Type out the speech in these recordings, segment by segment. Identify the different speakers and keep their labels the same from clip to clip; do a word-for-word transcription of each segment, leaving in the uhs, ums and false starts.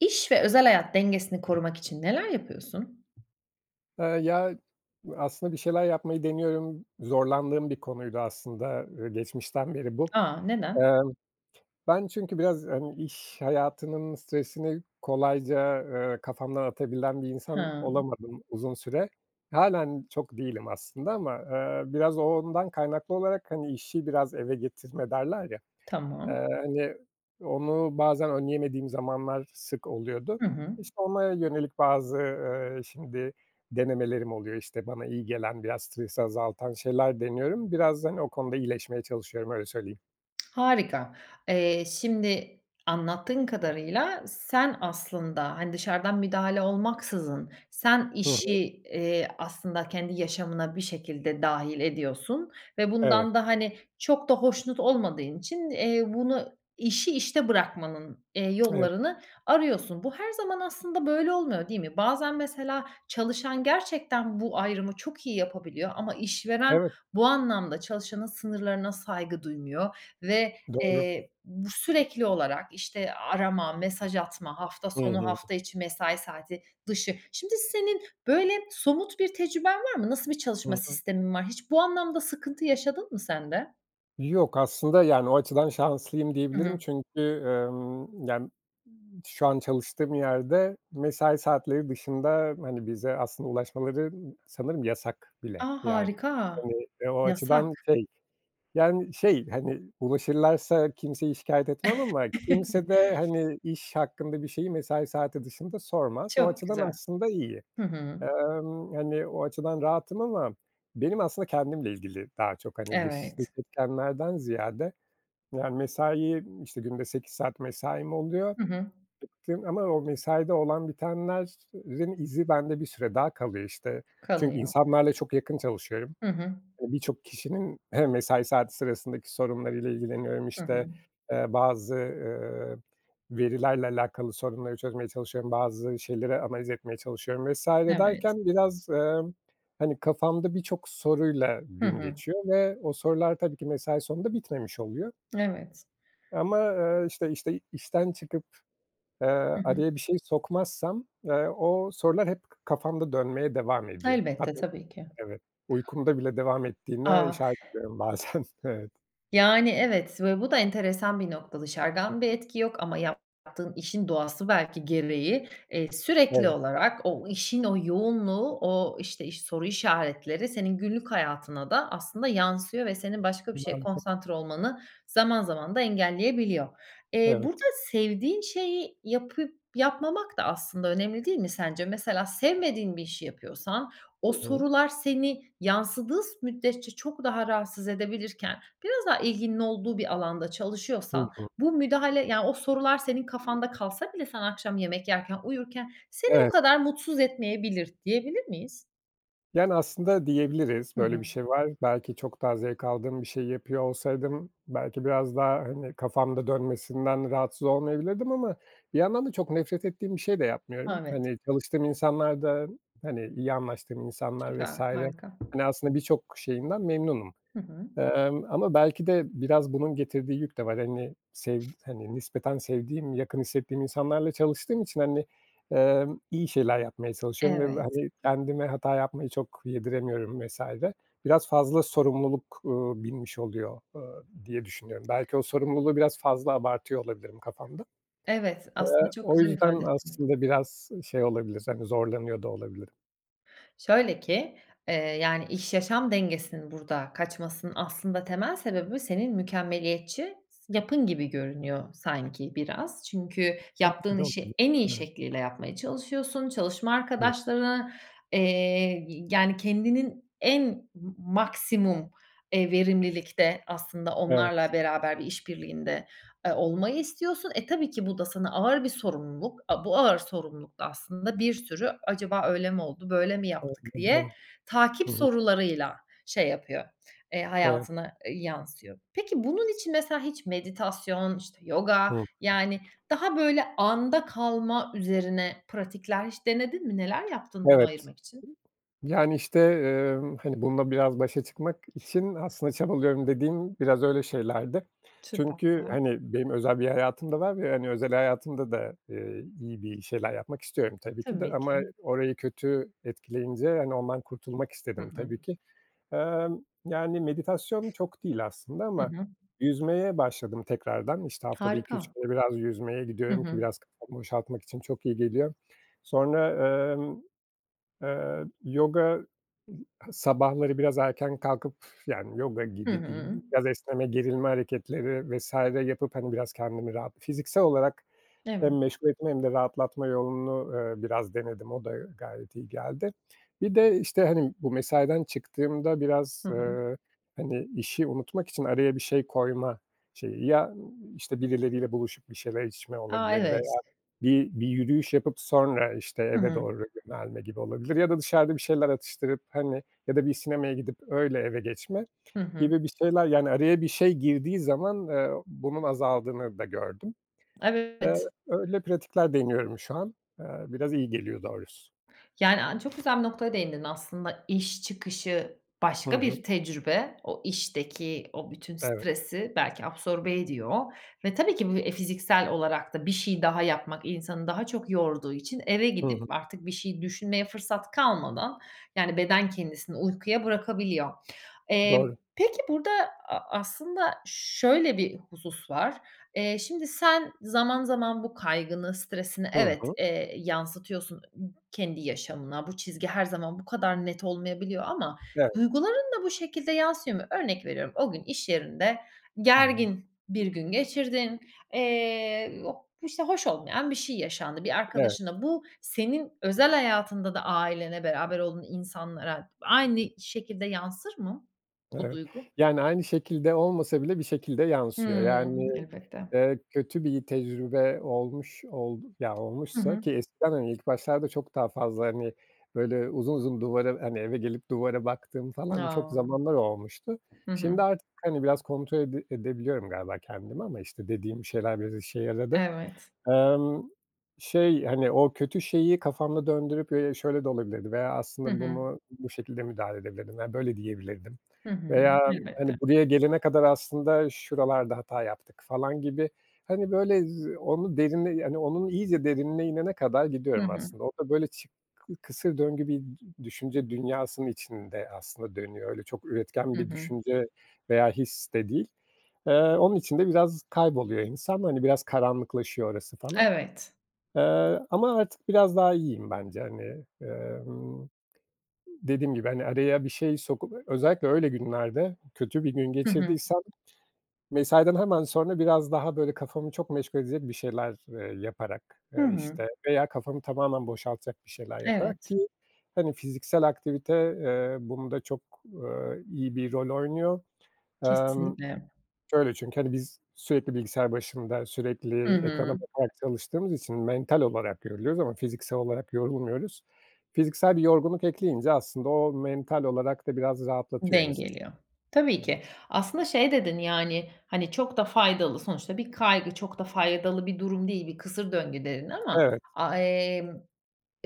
Speaker 1: İş ve özel hayat dengesini korumak için neler yapıyorsun?
Speaker 2: Eee, ya, bu aslında bir şeyler yapmayı deniyorum. Zorlandığım bir konuydu aslında, eee, geçmişten beri bu.
Speaker 1: A, neden?
Speaker 2: Emm, ben çünkü biraz, hani, iş hayatının stresini kolayca, eee, kafamdan atabilen bir insan
Speaker 1: Ha.
Speaker 2: olamadım uzun süre. Hâlen çok değilim aslında ama, eee, biraz o ondan kaynaklı olarak, hani, "İşi biraz eve getirme." derler ya,
Speaker 1: Tamam.
Speaker 2: eee, hani, onu bazen önleyemediğim zamanlar sık oluyordu.
Speaker 1: Hı hı.
Speaker 2: İşte, ona yönelik bazı, eee, şimdi denemelerim oluyor. İşte, bana iyi gelen, biraz stresi azaltan şeyler deniyorum. Biraz da, hani, o konuda iyileşmeye çalışıyorum, öyle söyleyeyim.
Speaker 1: Harika. Eee, şimdi, anlattığın kadarıyla sen aslında, hani, dışarıdan müdahale olmaksızın sen
Speaker 2: Hı hı.
Speaker 1: işi, eee, aslında kendi yaşamına bir şekilde dâhil ediyorsun ve
Speaker 2: Evet.
Speaker 1: bundan da, hani, çok da hoşnut olmadığın için, eee, bunu İşi işte bırakmanın, eee,
Speaker 2: Emm
Speaker 1: yollarını arıyorsun. Bu her zaman aslında böyle olmuyor, değil mi? Bazen mesela çalışan gerçekten bu ayrımı çok iyi yapabiliyor ama işveren
Speaker 2: Evet.
Speaker 1: bu anlamda çalışanın sınırlarına saygı duymuyor ve,
Speaker 2: Doğru.
Speaker 1: eee, bu sürekli olarak, işte, arama, mesaj atma, hafta
Speaker 2: Hı
Speaker 1: sonu,
Speaker 2: hı.
Speaker 1: hafta içi, mesai saati, dışı. Şimdi, senin, böyle, somut bir tecrüben var mı? Nasıl bir çalışma
Speaker 2: Hı hı.
Speaker 1: sistemin var? Hiç bu anlamda sıkıntı yaşadın mı sen de?
Speaker 2: Yok, aslında, yani, o açıdan şanslıyım
Speaker 1: Hı
Speaker 2: diyebilirim
Speaker 1: hı.
Speaker 2: çünkü, emm, yani, m şu an çalıştığım yerde mesai saatleri dışında, hani, bize aslında ulaşmaları sanırım yasak
Speaker 1: A!
Speaker 2: bile. Yani,
Speaker 1: Harika.
Speaker 2: hani, eee, o
Speaker 1: Yasak.
Speaker 2: açıdan şey, yani, şey, hani, ulaşırlarsa kimseyi şikâyet etmem ama kimse de, hani, iş hakkında bir şeyi mesai saati dışında sormaz, o
Speaker 1: Çok
Speaker 2: açıdan
Speaker 1: güzel.
Speaker 2: aslında iyi.
Speaker 1: Hı hı.
Speaker 2: Emm, hani, o açıdan rahatım ama benim aslında kendimle ilgili daha çok, hani, dış
Speaker 1: Evet.
Speaker 2: [unintelligible] etkenlerden ziyade Yani, mesai, işte, günde sekiz saat mesaim oluyor
Speaker 1: Hı hı.
Speaker 2: [unintelligible] ama o mesaide olan bitenlerin izi bende bir süre daha kalıyor işte. Çünkü
Speaker 1: Kalıyor.
Speaker 2: insanlarla çok yakın çalışıyorum.
Speaker 1: Hı hı.
Speaker 2: E, birçok kişinin hem mesai saati sırasındaki sorunlarıyla ilgileniyorum,
Speaker 1: Hı hı.
Speaker 2: işte, eee, bazı, ııı, verilerle alakalı sorunları çözmeye çalışıyorum, bazı şeyleri analiz etmeye çalışıyorum vs.
Speaker 1: Evet.
Speaker 2: derken biraz, emm, hani, kafamda birçok soruyla
Speaker 1: Hı
Speaker 2: gün
Speaker 1: hı.
Speaker 2: geçiyor ve o sorular tabii ki mesai sonunda bitmemiş oluyor.
Speaker 1: Evet.
Speaker 2: Ama, eee, işte işte, işten çıkıp, eee,
Speaker 1: Hı hı.
Speaker 2: araya bir şey sokmazsam, eee, o sorular hep kafamda dönmeye devam ediyor.
Speaker 1: Elbette,
Speaker 2: Tabii.
Speaker 1: tabii ki.
Speaker 2: Evet. Uykumda bile devam ettiğine
Speaker 1: Ah.
Speaker 2: şahit oluyorum bazen. Evet.
Speaker 1: Yani, evet, ve bu da enteresan bir nokta. Dışarıdan bir etki yok ama yaptığın işin doğası belki gereği, eee, sürekli
Speaker 2: Evet.
Speaker 1: olarak o işin o yoğunluğu, o, işte, iş soru işaretleri senin günlük hayatına da aslında yansıyor ve senin başka bir şeye
Speaker 2: Mantık.
Speaker 1: konsantre olmanı zaman zaman da engelleyebiliyor. Eee, burada
Speaker 2: Evet.
Speaker 1: sevdiğin şeyi yapıp yapmamak da aslında önemli değil mi sence? Mesela sevmediğin bir işi yapıyorsan
Speaker 2: Hı
Speaker 1: o
Speaker 2: hı.
Speaker 1: sorular seni yansıdığı s müddetçe çok daha rahatsız edebilirken, biraz daha ilginin olduğu bir alanda
Speaker 2: Hı
Speaker 1: çalışıyorsan,
Speaker 2: hı.
Speaker 1: bu müdahale, yani, o sorular senin kafanda kalsa bile sen akşam yemek yerken, uyurken seni o
Speaker 2: Evet.
Speaker 1: kadar mutsuz etmeyebilir, diyebilir miyiz?
Speaker 2: Yani, aslında diyebiliriz,
Speaker 1: Hı
Speaker 2: böyle
Speaker 1: hı.
Speaker 2: bir şey var. Belki çok daha zevk aldığım bir şeyi yapıyor olsaydım, belki biraz daha, hani, kafamda dönmesinden rahatsız olmayabilirdim ama bir yandan da çok nefret ettiğim bir şey de yapmıyorum.
Speaker 1: Evet.
Speaker 2: Hani, çalıştığım insanlar da, hani, iyi anlaştığım insanlar vs.
Speaker 1: Süper harika.
Speaker 2: hani, aslında birçok şeyinden memnunum,
Speaker 1: Hı hı.
Speaker 2: emm, ama belki de biraz bunun getirdiği yük de var. Hani, sevd hani, nispeten sevdiğim, yakın hissettiğim insanlarla çalıştığım için, hani, emm, iyi şeyler yapmaya çalışıyorum ve ve,
Speaker 1: Evet.
Speaker 2: hani, kendime hata yapmayı çok yediremiyorum vs. Biraz fazla sorumluluk, ııı, binmiş oluyor, ııı, diye düşünüyorum. Belki o sorumluluğu biraz fazla abartıyor olabilirim kafamda.
Speaker 1: Evet,
Speaker 2: Eee,
Speaker 1: aslında çok
Speaker 2: o
Speaker 1: güzel
Speaker 2: yüzden
Speaker 1: ifade ettin.
Speaker 2: aslında biraz şey olabilir, hani, zorlanıyor da olabilirim.
Speaker 1: Şöyle ki, eee, yani, iş-yaşam dengesinin burada kaçmasının aslında temel sebebi senin mükemmeliyetçi yapın gibi görünüyor sanki biraz. Çünkü yaptığın işi
Speaker 2: [unintelligible]
Speaker 1: en iyi
Speaker 2: Evet.
Speaker 1: şekliyle yapmaya çalışıyorsun, çalışma
Speaker 2: [unintelligible]
Speaker 1: arkadaşlarına, eee, y yani kendinin en m maksimum, eee, verimlilikte aslında
Speaker 2: Evet.
Speaker 1: onlarla beraber bir iş birliğinde, eee, olmayı istiyorsun. E, tabii ki bu da sana ağır bir sorumluluk. A bu ağır sorumluluk da aslında bir sürü, "Acaba öyle mi oldu, böyle mi
Speaker 2: [unintelligible]
Speaker 1: yaptık?"
Speaker 2: Bu
Speaker 1: diye
Speaker 2: doğru.
Speaker 1: takip
Speaker 2: Hı hı.
Speaker 1: sorularıyla şey yapıyor, eee,
Speaker 2: Evet.
Speaker 1: hayatına, eee, yansıyor. Peki bunun için mesela hiç meditasyon, işte, yoga,
Speaker 2: Hımm.
Speaker 1: yani, daha böyle anda kalma üzerine pratikler hiç denedin mi, neler yaptın bunu
Speaker 2: Evet.
Speaker 1: ayırmak için?
Speaker 2: Yani, işte, eee, hani, bununla biraz başa çıkmak için aslında çabalıyorum dediğim biraz öyle şeylerdi.
Speaker 1: Süper.
Speaker 2: Çünkü, hani, benim özel bir hayatım da var ve, hani, özel hayatımda da, eee, iyi bir şeyler yapmak istiyorum tabii ki de
Speaker 1: Tabii
Speaker 2: ama
Speaker 1: ki.
Speaker 2: orayı kötü etkileyince, hani, ondan kurtulmak
Speaker 1: Hı
Speaker 2: istedim
Speaker 1: hı.
Speaker 2: tabii ki. Emm, yani, meditasyon çok değil aslında
Speaker 1: Hı
Speaker 2: ama
Speaker 1: hı.
Speaker 2: yüzmeye başladım tekrardan. İşte haftada iki üç
Speaker 1: Harika.
Speaker 2: kere biraz yüzmeye
Speaker 1: Hı
Speaker 2: gidiyorum ki
Speaker 1: hı.
Speaker 2: biraz kafamı boşaltmak için çok iyi geliyor. Sonra, emm, eee, yoga sabahları biraz erken kalkıp, yani, yoga
Speaker 1: Hı
Speaker 2: gibi
Speaker 1: hı.
Speaker 2: diyeyim. Biraz esneme, gerilme hareketleri vs. yapıp, hani, biraz kendimi rahat Fiziksel olarak hem
Speaker 1: Evet.
Speaker 2: meşgul etme hem de rahatlatma yolunu, eee, biraz denedim, o da gayet iyi geldi. Bir de işte, hani, bu mesaiden çıktığımda biraz,
Speaker 1: Hı hı.
Speaker 2: eee, hani, işi unutmak için araya bir şey koyma şeyi, ya, ııı, işte, birileriyle buluşup bir şeyler içme
Speaker 1: A,
Speaker 2: olabilir veya
Speaker 1: evet.
Speaker 2: bir bir yürüyüş yapıp sonra, işte,
Speaker 1: Hı
Speaker 2: eve
Speaker 1: hı.
Speaker 2: doğru yönelme gibi olabilir ya da dışarıda bir şeyler atıştırıp, hani, ya da bir sinemaya gidip öyle eve geçme
Speaker 1: Hı hı.
Speaker 2: gibi bir şeyler, yani, araya bir şey girdiği zaman, eee, bunun azaldığını da gördüm. Eee,
Speaker 1: Evet.
Speaker 2: öyle pratikler deniyorum şu an, eee, biraz iyi geliyor doğrusu.
Speaker 1: Yani, aaa, çok güzel bir noktaya değindin aslında. İş çıkışı
Speaker 2: Hı
Speaker 1: başka bir
Speaker 2: hı.
Speaker 1: tecrübe. O işteki o bütün
Speaker 2: Evet.
Speaker 1: stresi belki absorbe ediyor ve tabii ki bu, eee, fiziksel olarak da bir şey daha yapmak insanı daha çok yorduğu için eve
Speaker 2: Hı hı.
Speaker 1: gidip artık bir şey düşünmeye fırsat kalmadan, yani, beden kendisini uykuya bırakabiliyor. Eee,
Speaker 2: Doğru.
Speaker 1: peki burada a aslında şöyle bir husus var. Eee, şimdi, sen zaman zaman bu kaygını, stresini
Speaker 2: Hı
Speaker 1: evet,
Speaker 2: hı.
Speaker 1: eee, yansıtıyorsun kendi yaşamına. Bu çizgi her zaman bu kadar net olmayabiliyor ama
Speaker 2: Evet.
Speaker 1: duyguların da bu şekilde yansıyor mu? Örnek veriyorum, o gün iş yerinde
Speaker 2: Hı hı.
Speaker 1: gergin bir gün geçirdin, eee, o, işte, hoş olmayan bir şey yaşandı bir
Speaker 2: Evet.
Speaker 1: arkadaşınla. Bu senin özel hayatında da ailene, beraber olduğun insanlara aynı şekilde yansır mı bu
Speaker 2: Evet.
Speaker 1: duygu?
Speaker 2: Yani, aynı şekilde olmasa bile bir şekilde yansıyor. Yani,
Speaker 1: Hımm. Elbette.
Speaker 2: eee, kötü bir tecrübe olmuş ol ya,
Speaker 1: Hı
Speaker 2: olmuşsa
Speaker 1: hı.
Speaker 2: ki eskiden, hani, ilk başlarda çok daha fazla, hani, böyle, uzun uzun duvara, hani, eve gelip duvara baktığım falan çok
Speaker 1: A.
Speaker 2: zamanlar olmuştu.
Speaker 1: Hı hı.
Speaker 2: Şimdi artık, hani, biraz kontrol ede edebiliyorum galiba kendimi ama, işte, dediğim şeyler biraz işe yaradı.
Speaker 1: Evet.
Speaker 2: Emm, şey, hani, o kötü şeyi kafamda döndürüp, eee, "Şöyle de olabilirdi veya
Speaker 1: Hı
Speaker 2: aslında
Speaker 1: hı.
Speaker 2: bunu bu şekilde müdahale edebilirdim veya böyle diyebilirdim
Speaker 1: Hı hı.
Speaker 2: veya, hani,
Speaker 1: Elbette.
Speaker 2: buraya gelene kadar aslında şuralarda hata yaptık." falan gibi, hani, böyle z onu derine yani, onun iyice derinine inene kadar
Speaker 1: Hı
Speaker 2: gidiyorum
Speaker 1: hı.
Speaker 2: aslında. O da, böyle, çı ı kısır döngü bir dü düşünce dünyasının içinde aslında dönüyor. Öyle çok üretken
Speaker 1: Hı
Speaker 2: bir
Speaker 1: hı.
Speaker 2: düşünce veya his de değil. Eee, onun için de biraz kayboluyor insan, hani, biraz karanlıklaşıyor orası falan.
Speaker 1: Evet.
Speaker 2: Eee, ama artık biraz daha iyiyim bence, hani. Emm, dediğim gibi, hani, araya bir şey sokup, özellikle öyle günlerde kötü bir gün
Speaker 1: Hı hı.
Speaker 2: geçirdiysem, mesaiden hemen sonra biraz daha, böyle, kafamı çok meşgul edecek bir şeyler, eee, yaparak,
Speaker 1: Hı
Speaker 2: eee,
Speaker 1: hı.
Speaker 2: işte, veya kafamı tamamen boşaltacak bir şeyler yaparak
Speaker 1: Evet.
Speaker 2: ki, hani, fiziksel aktivite, eee, bunda çok, eee, iyi bir rol oynuyor. Emm,
Speaker 1: Kesinlikle.
Speaker 2: şöyle çünkü, hani, biz sürekli bilgisayar başında,
Speaker 1: Hı
Speaker 2: sürekli ekrana
Speaker 1: hı.
Speaker 2: bakarak çalıştığımız için mental olarak yoruluyoruz ama fiziksel olarak yorulmuyoruz. Fiziksel bir yorgunluk ekleyince, aslında, o mental olarak da biraz rahatlatıyor insanı.
Speaker 1: Dengeliyor.
Speaker 2: Hı
Speaker 1: Tabii
Speaker 2: hı.
Speaker 1: ki. Aslında şey dedin, yani, hani, "Çok da faydalı Sonuçta bir kaygı çok da faydalı bir durum değil. Bir kısır döngü." dedin ama,
Speaker 2: Evet.
Speaker 1: a emm,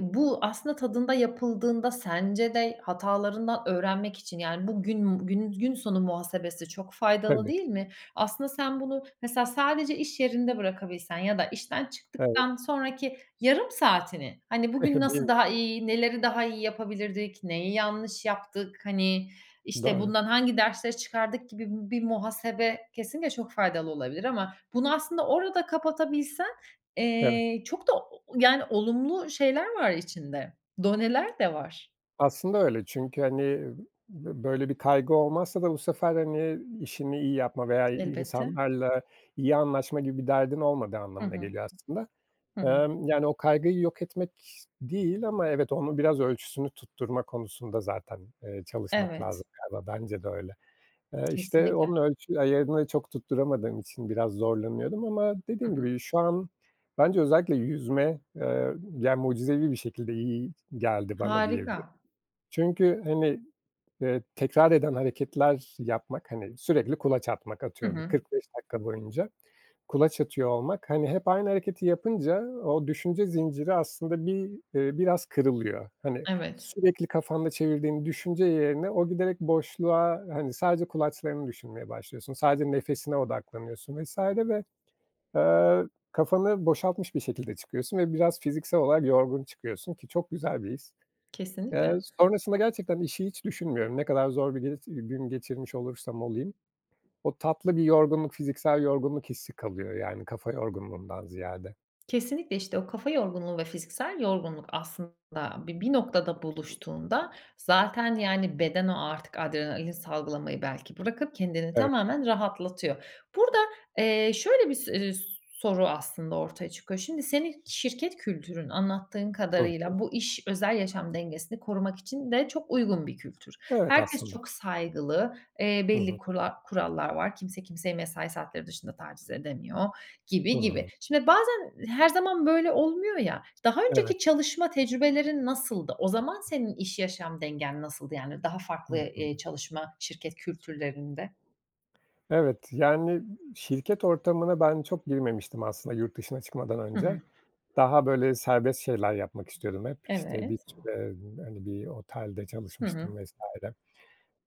Speaker 1: bu aslında tadında yapıldığında sence de hatalarından öğrenmek için, yani, bugün bugünün gün sonu muhasebesi çok faydalı
Speaker 2: Tabii.
Speaker 1: değil mi? Aslında sen bunu mesela sadece iş yerinde bırakabilsen ya da işten
Speaker 2: Evet.
Speaker 1: çıktıktan sonraki yarım saatini, hani, "Bugün
Speaker 2: Değil
Speaker 1: nasıl
Speaker 2: mi?
Speaker 1: daha iyi, neleri daha iyi yapabilirdik, neyi yanlış yaptık, hani, işte,
Speaker 2: Doğru.
Speaker 1: bundan hangi dersleri çıkardık?" gibi bi bir muhasebe kesinlikle çok faydalı olabilir ama bunu aslında orada kapatabilsen,
Speaker 2: Evet.
Speaker 1: eee, çok da o o yani, olumlu şeyler var içinde. Doneler de var.
Speaker 2: Aslında öyle çünkü, hani, b böyle bir kaygı olmazsa da bu sefer, hani, işini iyi yapma veya i
Speaker 1: Elbette.
Speaker 2: insanlarla iyi anlaşma gibi bir derdin olmadığı
Speaker 1: Hı
Speaker 2: anlamına
Speaker 1: hı.
Speaker 2: geliyor aslında.
Speaker 1: Hı hı.
Speaker 2: Emm, yani, o kaygıyı yok etmek değil ama evet, onun biraz ölçüsünü tutturma konusunda zaten, eee, çalışmak
Speaker 1: Evet.
Speaker 2: lazım galiba, bence de öyle. Eee, işte,
Speaker 1: Kesinlikle.
Speaker 2: onun ölçü ayarını çok tutturamadığım için biraz zorlanıyordum ama
Speaker 1: Hı
Speaker 2: dediğim
Speaker 1: hı.
Speaker 2: gibi, şu an bence özellikle yüzme, eee, ya, mucizevi bir şekilde iyi geldi bana
Speaker 1: Harika.
Speaker 2: diyebilirim. Çünkü, hani, eee, tekrar eden hareketler yapmak, hani, sürekli kulaç atmak
Speaker 1: Hı
Speaker 2: Atıyorum, bir
Speaker 1: hı.
Speaker 2: kırk beş dakika boyunca kulaç atıyor olmak, hani, hep aynı hareketi yapınca o düşünce zinciri aslında bir, eee, biraz kırılıyor. Hani,
Speaker 1: Evet.
Speaker 2: sürekli kafanda çevirdiğin düşünce yerine o giderek boşluğa, hani, sadece kulaçlarını düşünmeye başlıyorsun, sadece nefesine odaklanıyorsun vs. ve, eee, kafanı boşaltmış bir şekilde çıkıyorsun ve biraz fiziksel olarak yorgun çıkıyorsun ki çok güzel bir his.
Speaker 1: Kesinlikle.
Speaker 2: Eee, sonrasında gerçekten işi hiç düşünmüyorum. Ne kadar zor bir giris gün geçirmiş olursam olayım, o tatlı bir yorgunluk, fiziksel yorgunluk hissi kalıyor, yani, kafa yorgunluğundan ziyade.
Speaker 1: Kesinlikle, işte. O kafa yorgunluğu ve fiziksel yorgunluk aslında bi bir noktada buluştuğunda zaten, yani, beden o artık adrenalin salgılamayı belki bırakıp kendini
Speaker 2: Evet.
Speaker 1: tamamen rahatlatıyor. Burada, eee, şöyle bis eee, s soru aslında ortaya çıkıyor. Şimdi, senin şirket kültürün anlattığın
Speaker 2: Hı hı.
Speaker 1: kadarıyla bu iş özel, yaşam dengesini korumak için de çok uygun bir kültür.
Speaker 2: Evet
Speaker 1: Herkes
Speaker 2: aslında.
Speaker 1: çok saygılı, eee,
Speaker 2: Hı
Speaker 1: belli
Speaker 2: hı.
Speaker 1: kura kurallar var. Kimse kimseyi mesai saatleri dışında taciz edemiyor gibi, gibi.
Speaker 2: Hı.
Speaker 1: Şimdi, bazen her zaman böyle olmuyor, ya, daha
Speaker 2: Evet.
Speaker 1: önceki çalışma tecrübelerin nasıldı? O zaman senin iş, yaşam dengen nasıldı, yani? Daha
Speaker 2: Hı
Speaker 1: farklı,
Speaker 2: hı.
Speaker 1: eee, çalışma şirket kültürlerinde.
Speaker 2: Evet, yani, şirket ortamına ben çok girmemiştim aslında yurt dışına çıkmadan
Speaker 1: Hı hı.
Speaker 2: önce. Daha, böyle, serbest şeyler yapmak istiyordum hep. İşte, bir
Speaker 1: Evet.
Speaker 2: süre hani, bir otelde
Speaker 1: Hı
Speaker 2: çalışmıştım
Speaker 1: hı.
Speaker 2: vs.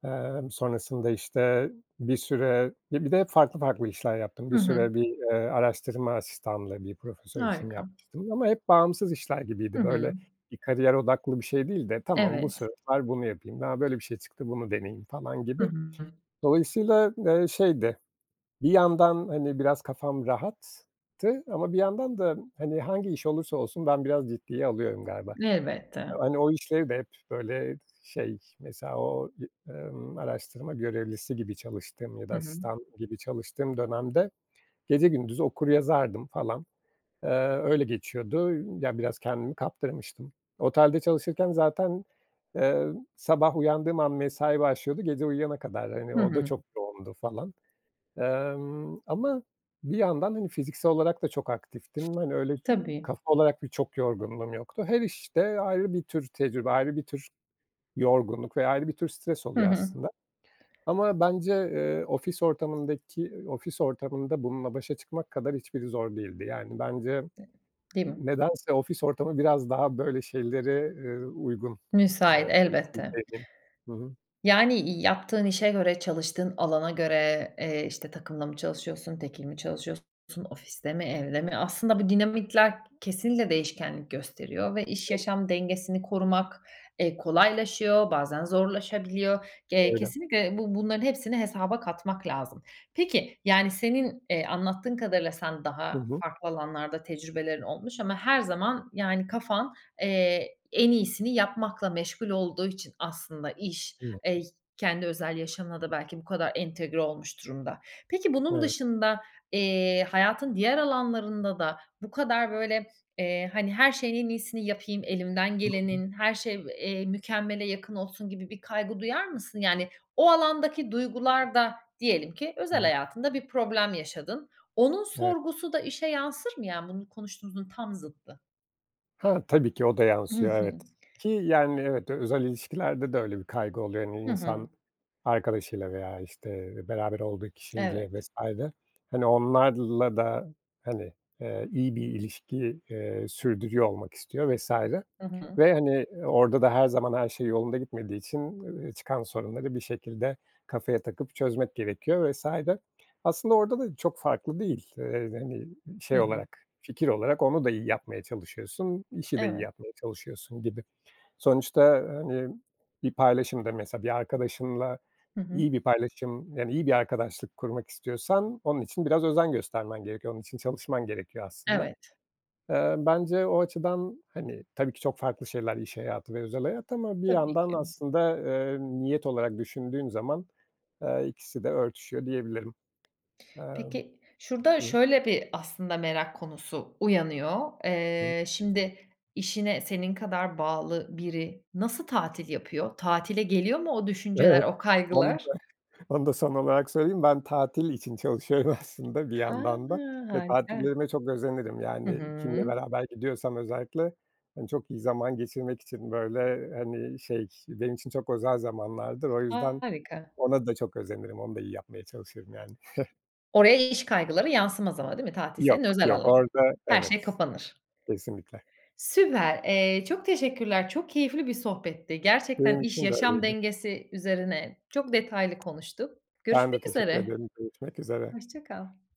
Speaker 2: Emm, sonrasında, işte, bir süre ya, bir de hep farklı, farklı işler yaptım.
Speaker 1: Hı
Speaker 2: Bir
Speaker 1: hı.
Speaker 2: süre bir, eee, araştırma asistanlığı bir profesör için
Speaker 1: Harika.
Speaker 2: yapmıştım ama hep bağımsız işler
Speaker 1: Hı
Speaker 2: gibiydi.
Speaker 1: hı.
Speaker 2: Böyle bir kariyer odaklı bir şey değil de "Tamam, bu
Speaker 1: Evet.
Speaker 2: sefer bunu yapayım, a, böyle bir şey çıktı, bunu deneyeyim." falan
Speaker 1: Hı
Speaker 2: gibi.
Speaker 1: hı.
Speaker 2: Dolayısıyla, eee, şeydi, bir yandan, hani, biraz kafam rahattı ama bir yandan da, hani, hangi iş olursa olsun ben biraz ciddiye alıyorum galiba.
Speaker 1: Elbette.
Speaker 2: Hani, o işleri de hep, böyle, şey, mesela o, i emm, araştırma görevlisi gibi çalıştığım ya da
Speaker 1: Hı hı.
Speaker 2: asistan gibi çalıştığım dönemde gece gündüz okur yazardım, falan. Eee, öyle geçiyordu. Yani, biraz kendimi kaptırmıştım. Otelde çalışırken zaten, eee, sabah uyandığım an mesai başlıyordu gece uyuyana kadar. Hani,
Speaker 1: Hı
Speaker 2: o da
Speaker 1: hı.
Speaker 2: çok yoğundu falan, emm, ama bir yandan, hani, fiziksel olarak da çok aktiftim. Hani, öyle, ü
Speaker 1: Tabii.
Speaker 2: kafa olarak da çok yorgunluğum yoktu. Her işte ayrı bir tür tecrübe, ayrı bir tür yorgunluk ve ayrı bir tür stres
Speaker 1: Hı
Speaker 2: oluyor
Speaker 1: hı.
Speaker 2: aslında. Ama bence, eee, ofis ortamındaki ofis ortamında bununla başa çıkmak kadar hiçbiri zor değildi. Yani, bence
Speaker 1: Değil mi?
Speaker 2: nedense ofis ortamı biraz daha, böyle, şeyleri, eee, uygun.
Speaker 1: Müsait, elbette.
Speaker 2: [unintelligible] Hı hı.
Speaker 1: Yani, i yaptığın işe göre, çalıştığın alana göre, eee, işte, takımla mı çalışıyorsun tekil mi çalışıyorsun, ofiste mi, evde mi? Aslında bu dinamikler kesinlikle değişkenlik gösteriyor ve iş,
Speaker 2: Evet.
Speaker 1: yaşam dengesini korumak, eee, kolaylaşıyor, bazen zorlaşabiliyor. Ge
Speaker 2: Öyle.
Speaker 1: kesinlikle bu bunların hepsini hesaba katmak lazım. Peki, yani, senin, eee, anlattığın kadarıyla sen
Speaker 2: Hı
Speaker 1: daha
Speaker 2: hı.
Speaker 1: farklı alanlarda tecrübelerin olmuş ama her zaman, yani, kafan, eee, en iyisini yapmakla meşgul olduğu için aslında iş, eee y
Speaker 2: [unintelligible]
Speaker 1: kendi özel yaşamına da belki bu kadar entegre olmuş durumda. Peki, bunun
Speaker 2: Evet.
Speaker 1: dışında, eee, hayatın diğer alanlarında da bu kadar, böyle, eee, hani, "Her şeyin en iyisini yapayım, elimden
Speaker 2: [unintelligible]
Speaker 1: gelenin, her şey, v eee, mükemmele yakın olsun." gibi bir kaygı duyar mısın? Yani, o alandaki duygular da, diyelim ki, özel
Speaker 2: [unintelligible]
Speaker 1: hayatında bir problem yaşadın. Onun
Speaker 2: Evet.
Speaker 1: sorgusu da işe yansır mı, ya, bunu konuştuğumuzun tam zıttı.
Speaker 2: Ha, tabii ki, o da
Speaker 1: Hı
Speaker 2: yansıyor
Speaker 1: hı.
Speaker 2: evet, ki, yani, evet, özel ilişkilerde de öyle bir kaygı oluyor. Hani,
Speaker 1: Hı hı.
Speaker 2: insan arkadaşıyla veya, işte, beraber olduğu kişiyle
Speaker 1: Evet.
Speaker 2: vs. Hani, onlarla da, hani, eee, iyi bir ilişki, eee, sürdürüyor olmak istiyor vs.
Speaker 1: Hı hı.
Speaker 2: ve, hani, orada da her zaman her şey yolunda gitmediği için, ııı, çıkan sorunları bir şekilde kafaya takıp çözmek gerekiyor vs. Aslında orada da çok farklı değil. Eee, hani,
Speaker 1: Hı
Speaker 2: şey
Speaker 1: hı.
Speaker 2: olarak, fikir olarak onu da iyi yapmaya çalışıyorsun, işi de iyi
Speaker 1: Evet.
Speaker 2: yapmaya çalışıyorsun gibi. Sonuçta, hani, bir paylaşım da, mesela, bir arkadaşınla
Speaker 1: Hı hı.
Speaker 2: iyi bir paylaşım, yani, iyi bir arkadaşlık kurmak istiyorsan onun için biraz özen göstermen gerekiyor, onun için çalışman gerekiyor aslında.
Speaker 1: Evet.
Speaker 2: Eee, bence o açıdan, hani, tabii ki, çok farklı şeyler iş hayatı ve özel hayat ama bir
Speaker 1: Tabii
Speaker 2: yandan
Speaker 1: ki.
Speaker 2: aslında, eee, niyet olarak düşündüğün zaman, eee, ikisi de örtüşüyor diyebilirim. Emm.
Speaker 1: Peki, şurada
Speaker 2: Hı.
Speaker 1: şöyle bir, aslında, merak konusu uyanıyor.
Speaker 2: Hı.
Speaker 1: Eee, şimdi, işine senin kadar bağlı biri nasıl tatil yapıyor? Tatile geliyor mu o düşünceler,
Speaker 2: Evet,
Speaker 1: o
Speaker 2: onu
Speaker 1: kaygılar?
Speaker 2: da onu da son olarak söyleyeyim. Ben tatil için çalışıyorum aslında bir
Speaker 1: A!
Speaker 2: yandan da ve
Speaker 1: Harika.
Speaker 2: tatillerime çok özenirim.
Speaker 1: Hı
Speaker 2: Yani, kiminle
Speaker 1: hı.
Speaker 2: beraber gidiyorsam özellikle, hani, çok iyi zaman geçirmek için, böyle, hani, şey, benim için çok özel zamanlardır. O yüzden
Speaker 1: Harika.
Speaker 2: ona da çok özenirim, onu da iyi yapmaya çalışırım, yani.
Speaker 1: Oraya iş kaygıları yansımaz ama değil mi tatil senin
Speaker 2: Yok,
Speaker 1: özel
Speaker 2: yok
Speaker 1: alanın?
Speaker 2: orada,
Speaker 1: Her şey
Speaker 2: evet,
Speaker 1: kapanır.
Speaker 2: kesinlikle.
Speaker 1: Süper! Eee, çok teşekkürler. Çok keyifli bir sohbetti. Gerçekten
Speaker 2: Benim
Speaker 1: iş,
Speaker 2: için de
Speaker 1: yaşam
Speaker 2: öyleydi.
Speaker 1: dengesi üzerine çok detaylı konuştuk.
Speaker 2: Ben
Speaker 1: Görüşmek
Speaker 2: de teşekkür
Speaker 1: üzere.
Speaker 2: ederim, görüşmek üzere.
Speaker 1: Hoşça kal.